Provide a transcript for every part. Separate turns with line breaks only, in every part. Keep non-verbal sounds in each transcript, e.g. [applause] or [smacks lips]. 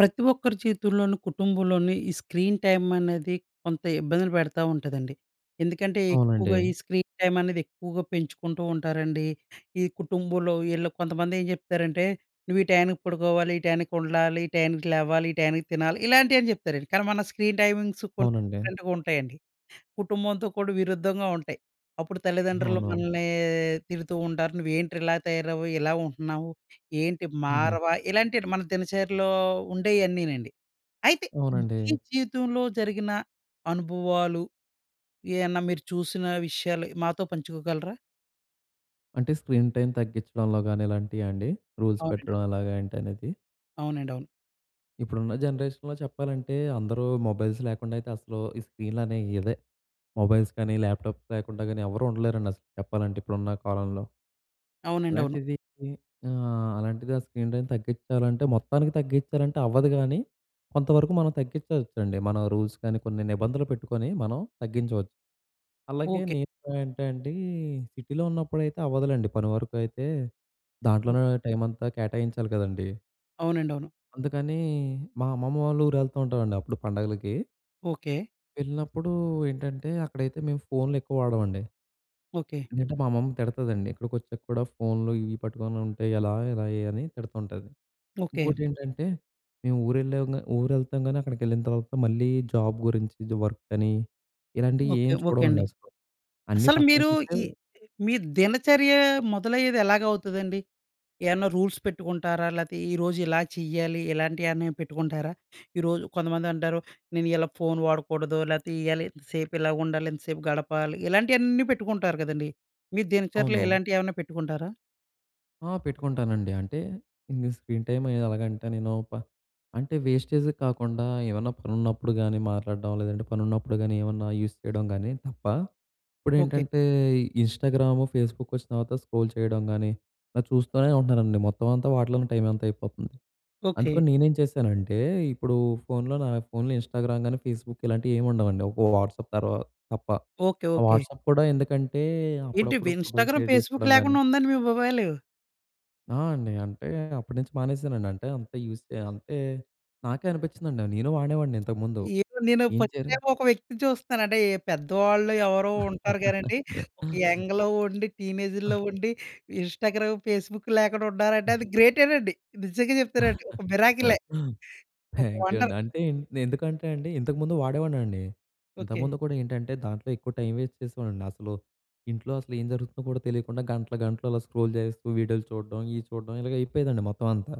ప్రతి ఒక్కరి చేతుల్లోను, కుటుంబంలోని ఈ స్క్రీన్ టైం అనేది కొంత ఇబ్బందులు పెడతా ఉంటదండి. ఎందుకంటే, ఎక్కువగా
అవునండి.
ఈ స్క్రీన్ టైం అనేది ఎక్కువగా పెంచుకుంటూ ఉంటారండి. ఈ కుటుంబంలో ఈళ్ళ కొంతమంది ఏం చెప్తారంటే, "నువ్వు ఈ టయానికి పడుకోవాలి, ఈ టయానికి ఉండాలి, ఈ టయానికి లేవాలి, ఈ టైంకి తినాలి" ఇలాంటివి అన్నీ చెప్తారండి. కానీ మన స్క్రీన్ టైమింగ్సు కొన్ని
అవునండి.
డిఫరెంట్‌గా ఉంటాయండి. కుటుంబంతో కూడా విరుద్ధంగా ఉంటాయి. అప్పుడు తల్లిదండ్రులు
అవును.
మనల్ని తిడుతూ ఉంటారు. "నువ్వు ఏంటి ఇలా తయారవ్వవు, ఇలా ఉంటున్నావు, ఏంటి
హుహు.
మారవా," ఇలాంటివన్ని మన దినచర్యలో ఉండేవన్నీనండి. అయితే
అవునండి.
మీ జీవితంలో జరిగిన అనుభవాలు, ఏయన్నా మీరు చూసిన విషయాలు మాతో పంచుకోగలరా?
అంటే, స్క్రీన్ టైం తగ్గించడంలో గాని ఇలాంటియా అండి? రూల్స్
అవునండి. అ!
పెట్టడం ఎలాగా ఏంటి అనేది?
అవునండి. అవును.
ఇప్పుడున్న జనరేషన్‌‌లో చెప్పాలంటే, అందరూ మొబైల్స్ లేకుండా అయితే అసలు, ఈ స్క్రీన్‌లనేవి ఇదే, మొబైల్స్ కానీ, ల్యాప్‌టాప్స్ లేకుండా కానీ ఎవరూ ఉండలేరండి అసలు చెప్పాలంటే. ఇప్పుడున్న కాలంలో.
అవునండి. అవును.
అలాంటిది ది ఆహ్, అలాంటిది ఆ స్క్రీన్ టైం తగ్గించాలంటే మొత్తానికి తగ్గించాలంటే అవ్వదు గానీ. కొంతవరకు మనం తగ్గిచ్చుకోవచ్చండి. మన రూల్స్ కానీ కొన్ని నిబంధనలు పెట్టుకొని మనం తగ్గించవచ్చు. అలాగే
ఓకె.
నేను ఏంటండి సిటీలో ఉన్నప్పుడైతే అవ్వదులెండి పని వరకు అయితే,
హ్మ్.
దాంట్లోనే టైం అంతా కేటాయించాలి కదండీ.
అవునండి. అవును.
అందుకని, మా అమ్మమ్మ వాళ్ళ ఊరు వెళ్తూంటామండి, అప్పుడు పండగలకి...
ఓకే.
వెళ్ళినప్పుడు ఏంటంటే, అక్కడైతే మేము ఫోన్‌లు ఎక్కువ వాడమండి.
ఓకే.
ఇంట్లో మా అమ్మమ్మ తిడతదండి. ఇక్కడికి వచ్చాక కూడా ఫోన్లు ఇవి పట్టుకుంటే, ఎలా, ఎలా అని తిడుతుంటది.
ఓకే.
ఇంకోటేంటంటే, మేము ఊరెళ్ళాంగా ఊరు వెళ్తాం గాని, అక్కడికి వెళ్ళిన తర్వాత మళ్ళీ జాబ్ గురించి, ఇది వర్క్ అని,
ఓకే.
ఇలాంటియేమి
ఓకే అండి.
చూడమండి అసలు. అన్నీ
అసలు
పక్కన
మీరు
పెట్టి
ఈ ఈ మీ దినచర్య మొదలయ్యేది ఎలాగా అవుతదండి? ఏవన్నా రూల్స్ పెట్టుకుంటారా? లేతే ఈరోజు ఇలా చెయ్యాలి, ఇలాంటి ఏమన్నా పెట్టుకుంటారా? ఈరోజు కొంతమంది అంటారు, "నేను ఇలా ఫోన్ వాడకూడదు. లేతే ఇయ్యాలి, ఇంతసేపు ఇలా ఉండాలి, ఇంతసేపు గడపాలి." ఇలాంటివన్నీ పెట్టుకుంటారు గదండీ! మీరు దినచర్యలో
అవును.
ఇలాంటివి ఏవన్నా పెట్టుకుంటారా?
ఆ! పెట్టుకుంటానండి. అంటే, ఈ స్క్రీన్ టైమ్ ఎలాగంటే, నేను ప అంటే, వేస్టేజ్ కాకుండా ఏమన్నా పనున్నప్పుడు గానీ మాట్లాడడం లేదంటే, పనున్నప్పుడు గానీ ఏమన్నా యూస్ చేయడం గానీ తప్ప
ఓకే.
ఇప్పుడేంటంటే, ఇన్‌స్టాగ్రాము, ఫేస్‌బుక్ వచ్చిన తర్వాత, స్క్రోల్ చేయడం గానీ, ఇలా చూస్తూనే ఉంటున్నారండి. మొత్తం అంతా వాటిలోనే టైమ్ అంతా అయిపోతుంది.
ఓకే.
అందుకని నేనేం చేశానంటే, ఇప్పుడు ఫోన్‌లో, నా ఫోన్‌లో ఇన్‌స్టాగ్రామ్ గానీ, ఫేస్‌బుక్ ఇలాంటివి ఏమి ఉండవండి. ఒక వాట్సాప్ తర్వాత తప్ప.
ఓకే.
ఆ
ఓకే.
వాట్సాప్ కూడా ఎందుకంటే,
ఏంటి
అప్పుడప్పుడు ఫోటోలు
ఇన్‌స్టాగ్రామ్,
షేర్
ఫేస్‌బుక్
చేసుకోవడం గానీ
లేకుండా ఉందాండి మీ మొబైలు?
ఆ! అండి. అంటే అప్పట్నించి మానేశానండి. అంటే, అంత యూజ్ చె అంటే, నాకే అనిపిచ్చిందండి. నేను వాడేవాడిని ఇంతకు ముందు.
ఇప్పుడు నేను
ఏం
ఫస్ట్
జరి
టైం ఒక వ్యక్తిని చూస్తన్నాను. అంటే పెద్దవాళ్ళు ఎవరో ఉంటారు గానీ అండి. ఒక
[chuckles]
యంగ్‌లో ఉండి, టీనేజుల్లో ఉండి ఇన్‌స్టాగ్రామ్, ఫేస్‌బుక్ లేకుండా ఉన్నారంటే అది గ్రేటేనండి. నిజంగా చెప్తున్నా అండి.
[giggles]
ఒక మిరాకిలే. ఒక
థ్యాంక్యు అండి.
వండర్.
అంటే, నే ఎందుకంటే అండి ఇంతకముందు వాడేవాడినండి.
ఓకె.
ఇంతకుముందు కూడా ఏంటంటే, దాంట్లో ఎక్కువ టైం వేస్ట్ చేసేవాడిని. అసలు, ఇంట్లో అసలు ఏం జరుగుతుందో కూడా తెలియకుండా గంటలు, గంటలు అలా స్క్రోల్ చేస్తూ వీడియోలు చూడడం, ఇయి చూడడం ఇలాగ అయిపోయేదండి మొత్తం అంతా.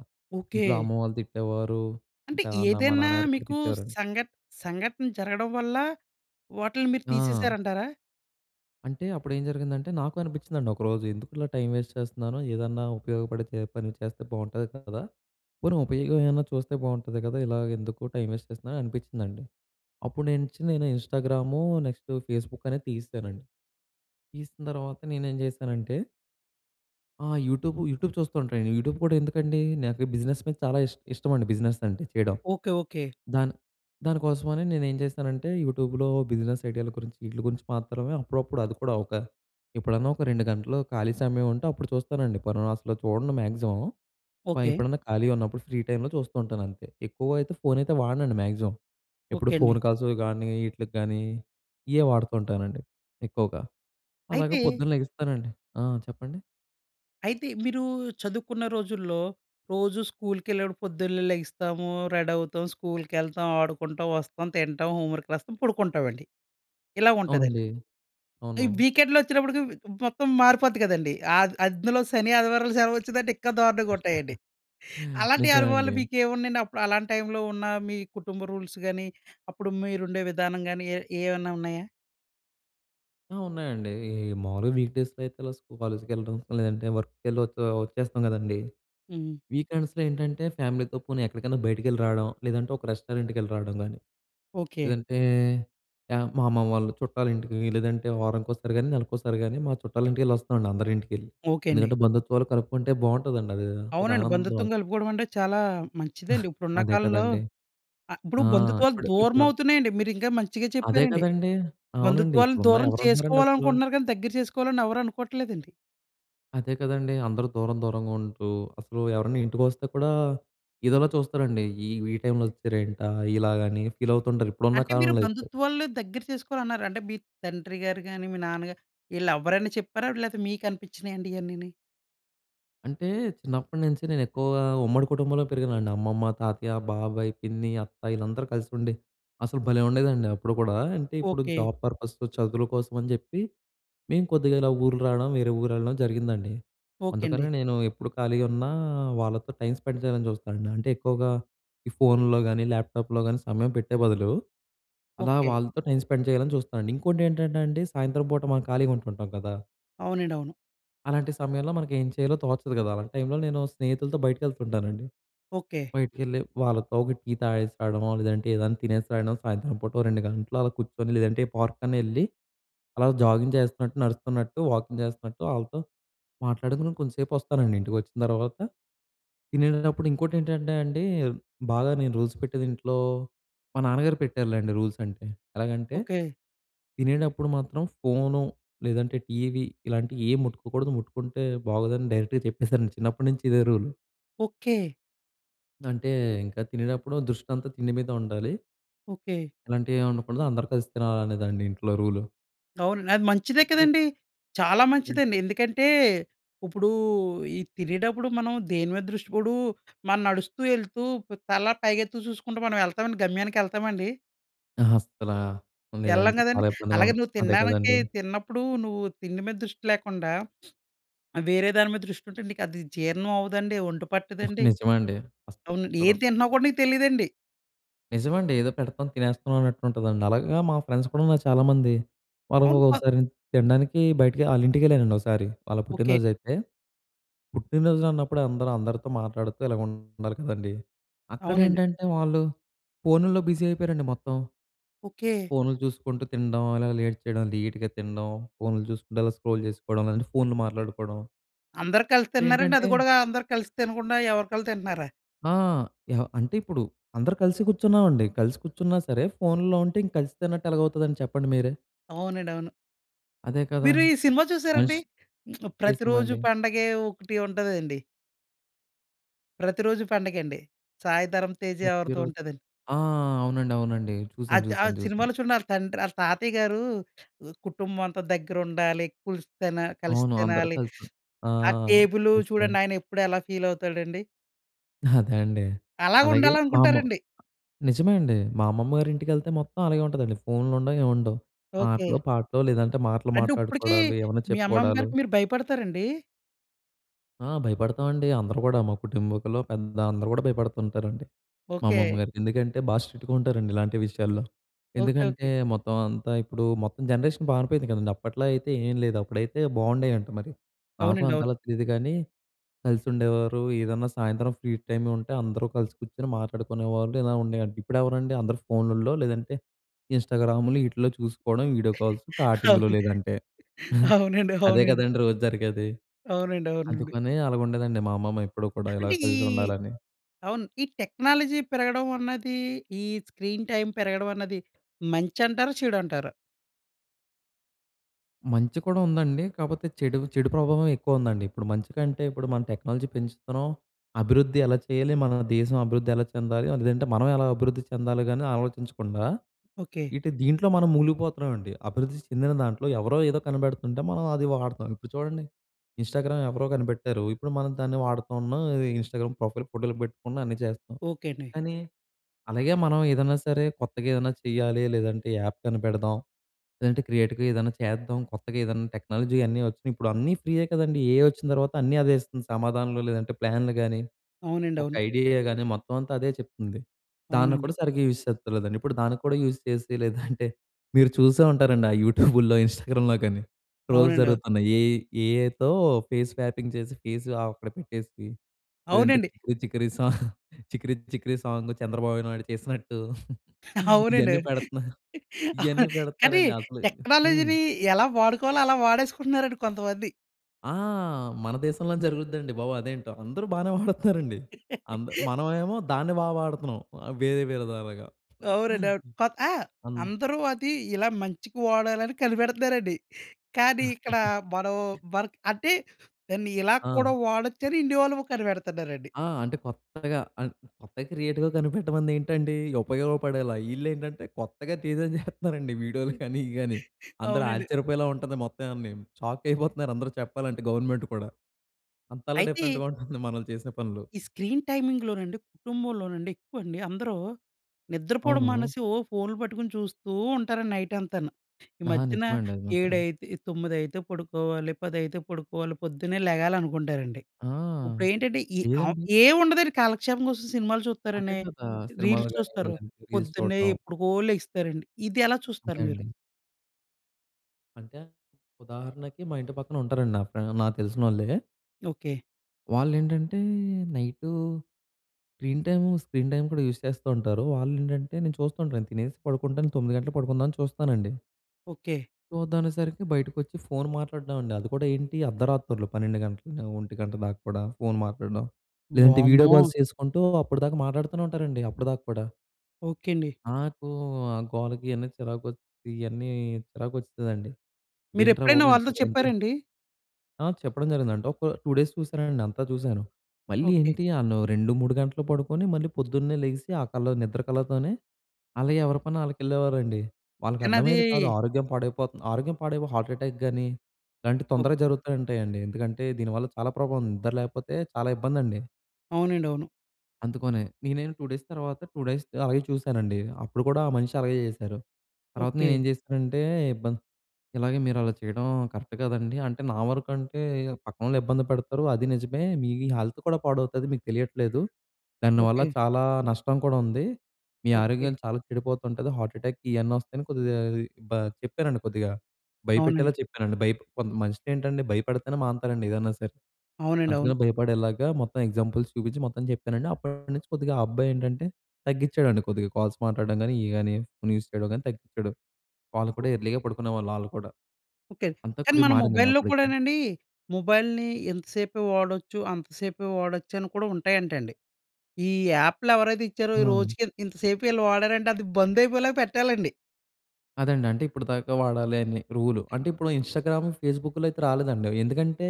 ఇంట్లో
ఓకె.
అమ్మ వాళ్ళు తిట్టేవారు.
అంటే
ఆహ్, నా మా
ఏదన్నా
నాన్నగారు కూడా
మీకూ
తిట్టేవారండి.
సంఘ సంఘటన జరగడం వల్ల, వాటిలిని మీరు తీసేశారు
ఆ!
అంటారా?
అంటే అప్పుడు ఏం జరిగిందంటే, నాకు అనిపిచ్చిందండి ఒకరోజు. ఎందుకు ఇలా టైం వేస్ట్ చేస్తన్నాను, ఏదన్నా ఉపయోగపడే పని చేస్తే బావుంటది కదా, పోనీ ఉపయోగం ఏవైనా చూస్తే బావుంటది కద, ఇలాగ ఎందుకు టైం వేస్ట్ చేస్తున్నాను అనిపిచ్చిందండి. అప్పుడు నేనించి నేను ఇన్‌స్టాగ్రామూ నెక్స్ట్ ఫేస్‌బుక్ అనేది తీసేశానండి. తీసిన తర్వాత నేనేం చేశానంటే ఆ! యూట్యూబ్, యూట్యూబ్ చూస్తా ఉంటానండి. యూట్యూబ్ కూడా ఎందుకండీ, నాకు ఈ బిజినెస్ మీద చాలా ఇష్ ఇష్టమండి బిజినెస్ అంటే చెయ్యడం.
ఓకె. ఓకె.
దాన్ దాని కోసమని నేను ఏం చేస్తానంటే, యూట్యూబ్‌లో బిజినెస్ ఐడియాల గురించి, ఈట్లి గురించి మాత్రమే అప్పుడప్పుడు అది కూడా ఒక ఎప్పుడన్నా ఒక 2 గంటలు ఖాళీ సమయం ఉంటే, అప్పుడు చూస్తానండి. పను అసలు చూడను మ్యాక్సిమం. ప
ఓకె.
ఎప్పుడన్నా ఖాళీగా ఉన్నప్పుడు ఫ్రీ టైంలో చూస్తూ ఉంటాను అంతే. ఎక్కువ అయితే ఫోన్ అయితే వాడనండి మ్యాక్సిమం. ఎప్పుడు
ఓకె అండి.
ఫోన్ కాల్స్‌వి గానీ ఈట్లికి గానీ ఇయ్యే వాడతుంటానండి, ఎక్కువగా. అలాగ
అయితే
పొద్దున్న లెగుస్తానండి. ఆ! చెప్పండి.
అయితే మీరూ చదువుకున్న రోజుల్లో, రోజు స్కూల్‌కెళ్ళేటప్పుడు పొద్దున్నే లెగి‌స్తాము, రెడవుతాం. స్కూల్‌కెళ్తాం, ఆడుకుంటాం, వస్తాం, తింటాం, హోమ్ వర్క్ రాస్తాం, పడుకుంటామండి. ఇలాగుం‌టదండి.
అవునండి.
ఈ
అవును.
వీకెండ్ వచ్చేటప్పటికి మొత్తం మారిపోద్ది కదండీ. ఆద్ అందులో శని, ఆదివారం సెలవు వచ్చిందంటే ఇంకా దారుణంగుంటా‌యండి.
[giggles]
అలాంటి
నిజమే
అనుభవాలు
అండి.
మీకు ఏమున్నాయండి? అప్పుడు అలాంటి టైమ్‌లో ఉన్న మీ కుటుంబ రూల్స్ గాని, అప్పుడు మీరు ఉండే విధానం గాని ఏ ఏవన్నా ఉన్నాయా?
ఆ! ఉన్నాయండీ. ఈ, ఈ మామూలుగా వీక్ డేస్‌లో అయితే ఇలా స్కూ కాలేజ్‌కెళ్లడం, లేదంటే వర్క్‌కెళ్ళి వచ్చే వచ్చేస్తాం గ‌దండీ!
హ్మ్.
వీకెండ్స్‌లో ఏంటంటే, ఫ్యామిలీతో పోనీ ఎక్కడికైనా బయటికెళ్లి రావడం. లేదంటే ఒక రెస్టారెంట్‌కెళ్లి రావడం గా‌నీ,
ఓకే.
లేదంటే, ఆహ్, మా అమ్మా వాళ్ళు చుట్టాలింటికి లేదంటే, వారానికోసారి గానీ, నెలకోసారి గానీ మా చుట్టాల ఇంటికె‌ళ్లి వస్తామండి. అందరి ఇంటికి ఎ‌ళ్లి,
ఓకే. అండి.
ఎందుకంటే బంధుత్వాలు కలుపుకుంటే బావుంటదండి. అది ఒక
అవునండి.
ఆనందం.
బంధుత్వం కలుపుకోవడం అంటే చాలా మంచిదండి. ఇప్పుడున్న
అదే
కాలంలో
కదండీ!
అ ఇప్పుడు
ఆ!
బంధుత్వాలు
ఇప్పుడు, ఇప్పుడు
దూరమవుతున్నాయండి. మీరు ఇంకా మంచిగా
అదే
చెప్పారండి.
కదండీ! అవునండి.
బంధుత్వాలను
ఇప్పుడున్నా
దూరం
ఎవరుంటుంన్నారండి అసలు.
చేసుకోవాలనుకుంటున్నారు గానీ దగ్గర చేసుకోవాలని ఎవరు అనుకోవట్లేదండి.
అదే కదండీ! అందరూ దూరం దూరంగా ఉంటూ, అసలు ఎవరైనా ఇంటికి వస్తే కూడా, ఎ‌దోలా చూస్తారండి. ఈ వి టైమ్‌లో వచ్చారేంటా ఇలాగ అని ఫీల్ అవుతుంటారు. ఇప్పుడున్న
అంటే, మీరు
కాలంలో అయితే.
బంధుత్వాలని దగ్గర చేసుకోవాలన్నారు. అంటే మీ తండ్రి గారు గానీ, మీ నాన్నగారు ఈ‌ళ్ళెవ్వరైనా చెప్పారా? లే‌తే మీక నిపించినాయండి ఇయన్నీని?
అంటే, చిన్నప్పటి నుంచి నేను ఎక్కువగా, ఉమ్మడి కుటుంబంలో పెరిగానండి. అమ్మమ్మ, తాతయ్య, బాబాయ్, పిన్ని, అత్త, ఈళ్ళందరూ కలిసి ఉండి, అసలు భలే ఉండేదండి అప్పుడు కూడా. అంటే, ఇప్పుడు
ఓకే.
జాబ్ పర్పసు, చదువుల కోసం అని చెప్పి, మేము కొద్దిగా ఇలా ఊరు రావడం, వేరే ఊరెళ్ళడం జరిగిందండి.
ఓకే అండి.
అందుకనే నేను ఎప్పుడు ఖాళీగా ఉన్నా, వాళ్ళతో టైం స్పెండ్ చేయాలని చూస్తానండి. అంటే, ఎక్కువగా ఈ ఫోన్‌లో కానీ, ల్యాప్‌టాప్‌లో కానీ, సమయం పెట్టే బదులు, అలా
ఓకే.
వాళ్ళతో టైం స్పెండ్ చేయాలని చూస్తానండి. ఇంకోటేంటంటే అండి, సాయంత్రం పూట మనం ఖాళీగా ఉంటుంటాం కదా!
అవునండి. అవును.
అలాంటి సమయంలో మనకేం చేయాలో తోచదు కదా! అలాంటి టైంలో నేను స్నేహితులతో బయటికెళ్తుంటానండి.
ఓకే.
బయటికెళ్ళి, వాళ్ళతో ఒక టీ తాగేసి రావడమో, లేదంటే ఏదైనా తినేసి రాయడం, సాయంత్రం పూట 2 గంటలు అలా కూర్చొని, లేదంటే ఏ పార్క్ కన్నా వెళ్లి, అలా జాగింగ్ చేస్తున్నట్టు, నడుస్తున్నట్టు, వాకింగ్ చేస్తున్నట్టు, ఆళ్ళతో మాట్లాడుకొని కొంచెం సేపు వస్తానండి. ఇంటికొచ్చిన తర్వాత, తినేటప్పుడు ఇంకోటేంటంటే అండి, బాగా నేను రూల్స్ పెట్టేది ఇంట్లో మా నాన్నగారు పెట్టారులేండి రూల్స్ అంటే, ఎలాగంటే
ఓకే.
తినేటప్పుడు మాత్రం ఫోను, లేదంటే టీవీ, ఇలాంటియేం ముట్టుకోకూడదు. ముట్టుకుంటే బాగోదని డైరెక్‌గా చెప్పేసారండి. చిన్నప్పటినుంచి ఇదే రూలు.
ఓకె.
అంటే ఇంకా తినేటప్పుడు దృష్టంతా తిండి మీద ఉండాలి.
ఓకె.
ఇలాంటివి ఏమి ఉండకూడదు అందరూ కలిసి తినాలనేదండి, ఇం‌ట్లో రూలు.
అవును అండి. అది మంచిదే
మరి
కదండీ. చాలా మంచిదండి.
[unintelligible]
ఎందుకంటే, ఇప్పుడు ఈ తినేటప్పుడు మనం దేనిమీద దృష్టి పోదు, మనం నడుస్తూ వెళ్తూ ప్ తల పైకెత్తు చూసుకుం‌టా మనం వెళ్తా‌మ అండి గమ్యానికి వెళ్తామండి?
అహా! అసలా,
ఏళ్లళ్ళేం
లేదండి.
కదండీ.
చాలా ఇబ్బందిగా
అలాగే
ఉం
నువ్వు
అదే
తినడానికి
కదండీ!
తిన్నప్పుడు నువ్వు తిండి మీద దృష్టి లేకుండా [sniffs] ఆహ్, వేరే దాని మీద దృష్టి ఉంటే నీకు అది జీర్ణం అవ్వదండి. ఒం‌టు పట్టదండి.
నిజమండి.
అవును అండి. ఏం
అస‌సలు
తింటున్నా కూడా నీకు తెలీదండి.
నిజమండి. ఏదో పెడతాం, తినేస్తున్నాం అన్నట్టు ఉంటుందండి. అలాగ మా ఫ్రెండ్స్ కూడా‌నా చాలామంది. వాళ్ళు
అవును. ప
ఒకసారి తినడానికి బయటికి ఆళ్ళ ఇంటికి వెళ్ళానండి ఒకసారి. వాళ్ళ
ఓకె.
పుట్టినరో‌జు అయితే, పుట్టినరోజులు అన్నప్పుడే అందరూ అందరితో మాట్లాడుతూ ఇలాగ ఉండాలి కదండీ.
అవునండి.
అక్కడేంటంటే వాళ్ళు, ఫోనుల్లో బిజీ అయిపోయారండి మొత్తం.
ఓకె.
ఫోన్‌లు చూసుకుంటూ తినడం, అల‌గా లేట్ చేయడం. లెట్‌గా తినడం. ఫోన్‌లు చూసుకుంటూ అలా స్క్రోల్ చేసుకోవడం, లేదంటే ఫోన్‌లు మాట్లాడుకోవడం.
అందరూ కలిసి
ఇప్పుడు
తింటున్నారండి,
ఏంటంటే
అది కూడా అందరూ కలిసి తినకుండా ఎవరీకాళ్ళు కలిసి తింటున్నారా?
ఆ! యహ్! అంటే ఇప్పుడు అందరూ కలిసి కూర్చున్నామండి. కలిసి కూర్చున్నా సరే, ఫోన్‌లో ఉంటే ఇంక కలిసి తిన్నట్టు ఎలాగవుతండి చెప్పండి మీరే.
అవునండి. అవును.
అదే కదా!
మీరు ఈ సినిమా చూసారా అండి.
మష్
[smacks lips]
ఏ
'ప్రతి
సినిమా
రోజు
అండి?
పండగే' ఒకటి ఉంటదండి. 'ప్రతిరోజూ పండగండి'. సాయి ధరం తేజ ఎవరితో
ప్రతిరోజు
ఉంటుదండి.
ఆ! అవునండి, అవునండి. చూసాను,
అది ఆ
చూసాను, చూసాను.
సినిమాలో చూడండి, ఆళ్ళ తండ్రి ఆళ్ళ తాతయ్య గారు కుటుంబం అంతా దగ్గర ఉండాలి. కులిసి తిన కలిసి
అవును. అందరు
తినాలి.
కలిసి తిన్ ఆ!
ఆ టేబులు
కలిసి తినాలి.
చూడండి. ఆయన ఎప్పుడు ఎలా ఫీల్ అవుతాడండి.
అదే అండి.
అలాగ
అలాగే మా అమ్మ
ఉండాలనుకుంటారండి.
నిజమే అండి. మా అమ్మమ్మ గారి ఇంటికెళ్తే, మొత్తం అలాగే ఉంటుందండి. ఫోన్‌లుండవు ఏమి ఉండవు.
ఓకె.
ఆటలు, పాటలు లేదంటే, మాటలు
అంటే ఇప్పటికి,
మాట్లాడుకోవడాలు ఏమైనా
మీ అమ్మమ్మ
చెప్పుకోవడాలు.
గారికి మీరు భయపడతారండి?
ఆ భయపడతామండి. అందరూ కూడా మా కుటుంబికులో పెద్ద అందరూ కూడా భయపడుతుంటారండి. మా అమ్మమ్మ
ఓకె.
గారికి, ఎందుకంటే బాగా స్ట్రిక్ట్‌గా ఉంటారండి ఇలాంటి విషయాల్లో.
ఓకె,
ఎందుకంటే,
ఓకె.
మొత్తం అంతా ఇప్పుడు మొత్తం జనరేషన్ పారిపోయింది కదండీ. అప్పట్లో అయితే ఏం లేదు అప్పుడైతే బాగుండేయంట మరి. నాకు
అవునండి. అవును.
అంతలా తెలీదు కానీ, కలిసి ఉండేవారు ఏదన్నా సాయంత్రం ఫ్రీ టైం ఉంటే, అందరూ కలిసి కూర్చొని మాట్లాడుకునేవాళ్ళు, ఇలా ఉండేయంట. ఇప్పుడెవరండి అందరూ ఫోన్లల్లో లేదంటే, ఇన్స్టాగ్రాములు ఈటిలో చూసుకోవడం వీడియో కాల్స్, చాటింగ్‌లు
అవును.
లేదంటే.
అవునండి,
అదే
అవునండి.
కదండీ రోజు జరిగేది.
అవునండి, అవునండి.
అందుకని, అలాగుండేదండి మా అమ్మమ్మ ఎప్పుడూ కూడా ఇలా
అంటే, ఈ
కలిసి ఉండాలని.
అవును. ఈ టెక్నాలజీ పెరగడం అన్నది, ఈ స్క్రీన్ టైం పెరగడం అన్నది, మంచి అంటారా? చెడు అంటారా?
మంచి కూడా ఉందండి. కాకపోతే చెడు చెడు ప్రభావం ఎక్కువ ఉందండి. ఇప్పుడు మంచికంటే, ఇప్పుడు మనం టెక్నాలజీ పెంచుతున్నాం, అభివృద్ధి ఎలా చేయాలి, మన దేశం అభివృద్ధి ఎలా చెందాలి, లేదంటే మనం ఎలా అభివృద్ధి చెందాలి కానీ ఆలోచించకుండా,
ఓకే.
ఇటు దీంట్లో మనం ములిగిపోతున్నామండి. అభివృద్ధి చెందిన దాంట్లో ఎవరో ఏదో కనిపెడుతుంటే మనం అది వాడుతాం. ఇప్పుడు చూడండి ఇన్‌స్టాగ్రామ్ ఎవరో కనిపెట్టారు, ఇప్పుడు మనం దాన్ని వాడుతున్నాం, ఇన్‌స్టాగ్రామ్ ప్రొఫైల్ ఫోటోలు పెట్టుకున్నా అన్నీ చేస్తాం.
ఓకే అండి.
కానీ, అలాగే మనం ఏదైనా సరే కొత్తగా ఏదైనా చేయాలి, లేదంటే యాప్ కనిపెడదాం, లేదంటే క్రియేటి‌గా ఏదైనా చేద్దాం, కొత్తగా ఏదన్నా టెక్నాలజీ అన్నీ వచ్చినాయి. ఇప్పుడు అన్నీ ఫ్రీయే కదండీ! ఏ‌ఐ వచ్చిన తర్వాత అన్నీ అదే ఇస్తుంది సమాధాన‌లు, లేదంటే ప్లాన్‌లు గానీ,
అవునండి.
ఒక
అవును.
ఐడియా‌గా గాని మొత్తం అంతా అదే చెప్తుంది. దాన్ని
అవునండి.
కూడా సరిగ్గా యూజ్ చేస్తలేదండి. ఇప్పుడు దానికి కూడా యూజ్ చేసి లేదంటే, మీరు చూసే ఉంటారండి ఆ యూట్యూబ్‌లో, ఇన్‌స్టాగ్రామ్‌లో కానీ ట్రోల్స్
అవునం‌డో.
జరుగుతున్నాయి. ఏ‌ ఏ‌ఐతో ఫేస్ స్వాపింగ్ చేసి ఫేస్ ఆవి అక్కడ పెట్టేసి. లేదంటే,
అవునండి.
చికిరి చికిరి [chuckles] సాంగ్ చికిరి చికిరి సాంగ్ చంద్రబాబు నాయుడు చేసినట్టు
అవునండి.
ఇయన్నీ పెడుతున్నారు, ఇవన్నీ
అవునం కానీ
పెడుతున్నారండి అసలు హ్మ్.
టెక్నాలజీ‌ని ఎలా వాడుకోవాలో అలా వాడేసుకుంటున్నారండి కొంతమంది.
ఆ! మన దేశంలోనే జరుగుద్దండి బాబు అదేంటో! అందరూ బానే వాడుత్తనారండి. అంద
[laughs]
మనవేమో, దాన్ని బా వాడతనాం. ఆహ్, వేరే వే విధాలుగా.
అవునండవును. కొక్ ఆహ్,
అన్
అందరు అది, ఇలా మంచికి వాడాలని కనిపెడతనారండి. కానీ, ఇక్కడ మనం
[chuckles]
వర్క్ అంటే, దాన్ని ఇలాగ కూడా
ఆ!
వాడొచ్చని ఇండియా వాళ్ళేమో కనిపెడతన్నారండి.
ఆ! అంటే కొత్తగా అన్ కొత్తగా క్రియేటివ్‌గా కనిపెట్టమందేంటండి? ఉపయోగపడేలా. ఈళ్ళేంటంటే, కొత్తగా టీ‌జే చేహేత్తన్నారండి వీడియో‌లు కాని, ఇయి గాని. అందరూ
అవునండి.
ఆచ్చర్యపోయేలా ఉంటది మొత్తం ఇయన్నీను. షాకయిపోతున్నారు అందరు చెప్పాలంటే గవర్నమెంట్ కూడా. అంతలా
అయితే
డిఫరెంట్‌గా ఉంటుంది మ‌నో‌లు చేసిన పనులు.
ఈ స్క్రీన్ టైమింగ్‌లోనండి, కుటుంబంలోనండి, ఎక్కువండి, అందరూ నిద్రపోడం
అవును.
మానేసి ఓహ్! ఫోన్‌లు పట్టుకుని చూస్తూ ఉంటారండి, నైటంతాను. ఈ
ఆహా!
మధ్యన
నిజమే అండి అది మాత్రం.
ఏడైతే ఇ తొమ్మిదైతే పడుకోవాలి. పదైతే పడుకోవాలి. పొద్దున్నే లెగాలనుకుంటారండి.
ఆ!
ఉప్పుడేంటంటే, ఈ ఆం
ఏవైంది?
ఏవుండదండి కాలక్షేపం కోసం సినిమాలు
అదే
చూత్తారండి.
కదా! సినిమాలు
రీల్స్
గాని, రీలు
చూస్తారు.
గాని రీల్స్
పొద్దున్నే
చూడటం.
ఎప్పుడుకో లెగిస్తారండి. ఇది ఎలా
అంతే
చూస్తారు మీరు?
అండి. అంటే, ఉదాహరణకి మా ఇంటి పక్కనుంటారండి. నా ఫ్రే నాకు తెలిసినోళ్ళే.
ఓకే.
వాళ్ళు ఏంటంటే, night screen time, screen time కూడా యూజ్ చేస్తూ ఉంటారు. వాళ్ళు ఏంటంటే, నేను చూస్తూ ఉంటాను, నేను తినేసి పడుకుంటాను 9:00 గంటలకు పడుకుందాం అని చూస్తానండి.
ఓకే.
చూద్దాం అనేసరికి బయటకి వచ్చి ఫోన్ మాట్లాడమండి, అది కూడా ఏంటి అర్ధరాత్రులు 12:00 గంటలు 1:00 గంట దాకా కూడా ఫోన్ మాట్లాడడం. లేదంటే వీడియో
వామ్మో!
కాల్స్ చేసుకుంటూ అప్పటిదాకా మాట్లాడుతూనే ఉంటారండి అప్పటిదాకా కూడా.
ఓకే అండి.
నాకు ఆ! గోలకి ఇవన్నీ చిరాకు, ఇవన్నీ చిరాకు వస్తుందండి.
మీరు
ఏంట్రా
ఎప్పుడైనా
బాబు! ఇంత
వాళ్ళతో
గ‌నింకా
చెప్పారండి?
ఆ! చెప్పడం జరిగిందంటే, ఒక 2 డేస్ చూశానండి. అంతా చూశాను. మళ్ళీ
ఓకే.
ఏంటి ఆ‌ళ్లు 2,3 గంటలు పడుకొని, మళ్ళీ పొద్దున్నే లేగిసి ఆ కళ్ల నిద్ర కళ్ళతోనే, అలా ఎవరి పని వాళ్ళకి వెళ్ళేవారండి. వాళ్ళకి
కానీ అది
అర్థమయ్యేది కాదు, ఆరోగ్యం పాడైపోతుంది, ఆరోగ్యం పాడైపో‌ హార్ట్ అటాక్‌గాని, ఇలాంటివి
ఓహ్!
తొందరగా జరుగుతూ ఉంటాయండి ఎందుకంటే, దీని వల్ల చాలా ప్రభావం ఉంది నిద్ర లేకపోతే చాలా ఇబ్బందండి.
అవునండి. అవును.
అందుకొనే, నేనే‌న్న 2 డేస్ తర్వాత, 2 డేస్ అలాగే చూసానండి. అప్పుడు కూడా ఆ మనిషి అలాగే చేశారు. తర్వాత నేను
ఓకే.
ఏం చేశానంటే, ఇబ్బ ఇలాగే మీరు అలా చేయడం కరెక్ట్ కదండీ. అంటే నా వరకు అంటే పక్కనోళ్ళు ఇబ్బంది పెడతారు అది నిజమే. మీ హెల్త్ కూడా పాడవుతది మీకు తెలియట్లేదు, దానివల్ల
ఓకే.
చాలా నష్టం కూడా ఉంది. మీ
ఓకే.
ఆరోగ్యం చాలా చెడిపోతు ఉంటుంది హార్ట్ అటాక్ ఇవన్నీ వస్తాయని కొద్దిగా బ చెప్పానండి కొద్దిగా భయపెట్టేలా
అవునండి.
చెప్పానండి బై‌ప్ కొంత మనుషులు ఏంటండి భయపడితేనే మానతారండి ఏదైనా సరే.
అవునండి
అందుకనే
అవును.
భయపడేలాగా, మొత్తం ఎగ్జాంపుల్స్ చూపించి మొత్తం చెప్పానండి. అప్పటినుంచి కొద్దిగా ఆ అబ్బాయి ఏంటంటే, తగ్గించాడండి కొద్దిగా కాల్స్ మాట్లాడడం కానీ, ఇవి కానీ ఫోన్ యూజ్ చేయడం గాని తగ్గించాడు. వాళ్ళు కూడా ఎర్లీగా పడుకునేవాళ్ళు. వాళ్ళు కూడా,
ఓకే.
అంతా
కానీ
కొద్దిగా
మన
మారిందండి
మొబైల్‌లో
అప్పటికి.
కూడానండి, మొబైల్‌ని ఇంతసేపే వాడొచ్చు, అంతసేపే వాడొచ్చు అని కూడా ఉంటాయంటండి. ఈ యాప్‌లు ఎవరైతే ఇచ్చారో ఈ
ఆ!
రోజుకి ఇ ఇంత సేపు వీళ్ళు వాడారంటే అది బంద్ అయిపోయేలాగా పెట్టాలండి.
అదండీ! అంటే ఇప్పటిదాకా వాడాలి అని రూలు. అంటే, ఇప్పుడు ఇన్‌స్టాగ్రాము ఫేస్‌బుక్‌లో అయితే రాలేదండి అవి. ఎందుకంటే,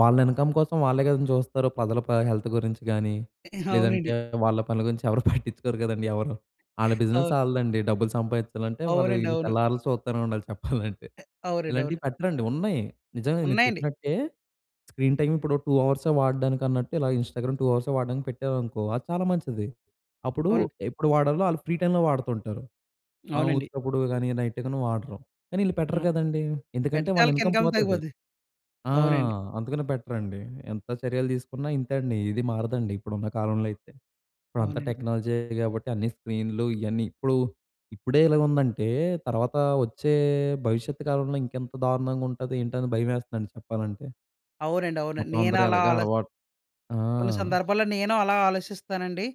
వాళ్ళ ఇన్కమ్ కోసం వాళ్ళే కదండీ చూస్తారు. ప్రజల ప హెల్త్ గురించి గాని,
[chuckles] అవునండి.
లేదంటే వాళ్ళ పనుల గురించి ఎవరు [chuckles] పట్టించుకోరు కదండీ ఎవరు. ఆళ్ళ బిజినెస్
ఆ!
ఆళ్ళ‌దండి. డబ్బులు సంపాదించాలంటే వాళ్ళు,
అవునండి. అవును.
తెల్లార్లు సూత్తనే ఉండాలి చెప్పాలంటే.
అ అవునండి. అవును.
[chuckles] ఇలాంటివి పెట్టరండి, ఉన్నాయి. నిజమే. మీరు
ఉన్నాయండి.
చెప్పినట్టే, స్క్రీన్ టైమ్ ఇప్పుడు 2 అవర్స్ వాడడానికన్నట్టు, ఇలా ఇన్‌స్టాగ్రామ్ 2 అవర్స్ వాడడానికి పెట్టారనుకో, అది చాలా మంచిది. అప్పుడు,
అవునండి.
ఎప్పుడు వాడాలో ఆ‌ళ్ళు ఫ్రీ టైమ్‌లో వాడుతుంటారు. ఆహ్,
అవునండి.
ఉత్తప్పుడు గాని నైట్‌గనీ వాడరు. కానీ ఈళ్ళు పెట్టరు
హ్మ్.
కదండీ. ఎందుకంటే,
పెడితే
వాళ్ళ
ఆళ్ళకి
ఇన్కమ్
ఇన్కమ్
పోతది.
తగ్గిపోద్ది.
ఆ!
అవునండి.
అందుకనే పెట్టరండి. ఎంత చర్యలు తీసుకున్నా ఇంతే అండి. ఇది మారదండి ఇప్పుడున్న కాలంలో అయితే. ఇప్పుడంతా
అవునండి.
టెక్నాలజీయే కాబట్టి అన్ని స్క్రీన్‌లు ఇయన్ని ఇప్పుడు ఇప్పుడే ఇ‌లాగుందంటే, తర్వాత వచ్చే భవిష్యత్తు కాలంలో ఇంకెంత దారుణంగా ఉంటది, ఏంటి, అని భయవేస్తందండి చెప్పాలంటే.
అవునండి. అవునండి.
మొత్తం అందరు
నేనలా
ఎలగా
ఆలోచి
అలవాటు ఆ!
కొన్ని సందర్భాల్లో నేను అలా ఆలోచిస్తానండి.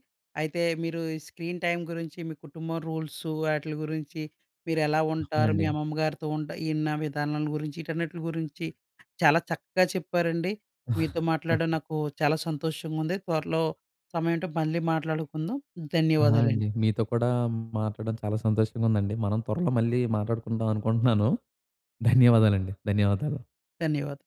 అయితే, మీరు ఈ స్క్రీన్ టైమ్ గురించి మీ కుటుంబం రూల్సు, ఆటిలి గురించి మీరెలా ఉంటారు, మీ
నండి.
అమ్మమ్మ గారితో ఉంటా ఇన్ని విధానాల గురించి. ఈ‌ట‌న్ని‌టలి గురించి చాలా చక్కగా చెప్పారండి. మీతో మాట్లాడడం
[chuckles]
నాకు చాలా సంతోషంగా ఉంది. త్వరలో సమయం ఉంటే మళ్ళీ మాట్లాడుకుందాం.
ఆ!
ధన్యవాదాలండి.
అండి. మీతో కూడా మాట్లాడడం చాలా సంతోషంగా ఉందండి. మనం త్వరలో మళ్ళీ మాట్లాడుకుంటాం అనుకుంటున్నాను, ధన్యవాదాలండి. ధన్యవాదాలు.
ధన్యవాదాలు.